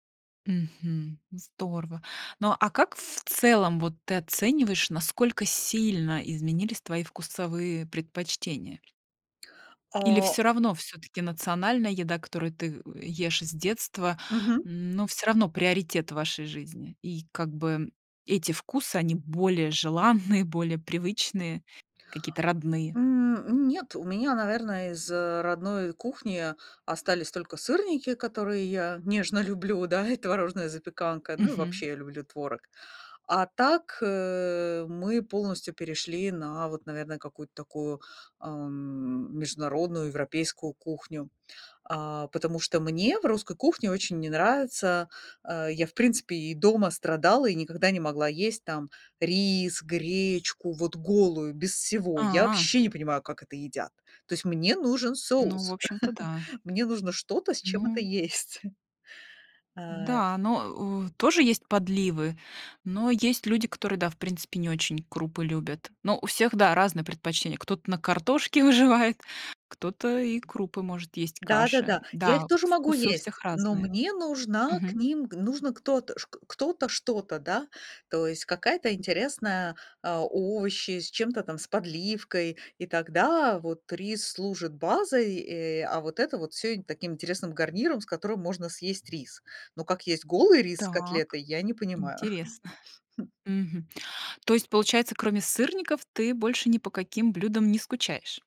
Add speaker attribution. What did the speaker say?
Speaker 1: Мгм. Здорово. Ну, а как в целом вот ты оцениваешь, насколько сильно изменились твои вкусовые предпочтения? Или
Speaker 2: А
Speaker 1: всё равно все-таки национальная еда, которую ты ешь с детства,
Speaker 2: Мгм.
Speaker 1: но всё равно приоритет в вашей жизни. И как бы, эти вкусы, они более желанные, более привычные, какие-то родные.
Speaker 2: М, м, нет, у меня, наверно, из, э, родной кухни остались только сырники, которые я нежно люблю, да, и творожная запеканка, ну и
Speaker 1: Мгм.
Speaker 2: вообще люблю творог. А так, э, мы полностью перешли на вот, наверное, какую-то такую, ам, международную европейскую кухню, а потому что мне в русской кухне очень не нравится, а, я, в принципе, и дома страдала и никогда не могла есть там рис, гречку вот голую без всего. Я
Speaker 1: А.
Speaker 2: вообще не понимаю, как это едят. То есть, мне нужен
Speaker 1: Ну, в
Speaker 2: соус,
Speaker 1: общем-то, да.
Speaker 2: мне нужно что-то, с чем это
Speaker 1: Ну.
Speaker 2: есть. А
Speaker 1: Н-да, но, э, у тоже есть подливы, но есть люди, которые да, в принципе, не очень крупы любят. Но у всех да, разные предпочтения, кто-то на картошке выживает, кто-то и крупы может есть, каши.
Speaker 2: Да-да-да, я их
Speaker 1: Да,
Speaker 2: тоже могу
Speaker 1: вкусы у всех
Speaker 2: есть, но
Speaker 1: разные.
Speaker 2: мне нужна к
Speaker 1: Мгм.
Speaker 2: ним, г нужно кто-то шк кто-то что-то, да, то есть какая-то интересная, а овощи с чем-то там с подливкой, и тогда вот рис служит базой, э, а вот это вот всё им таким интересным гарниром, с которым можно съесть рис. Но как есть голый рис с
Speaker 1: Так
Speaker 2: котлетой, я не понимаю.
Speaker 1: интересно.
Speaker 2: М.
Speaker 1: Мгм. То есть получается, кроме сырников, ты больше ни по каким блюдам не скучаешь?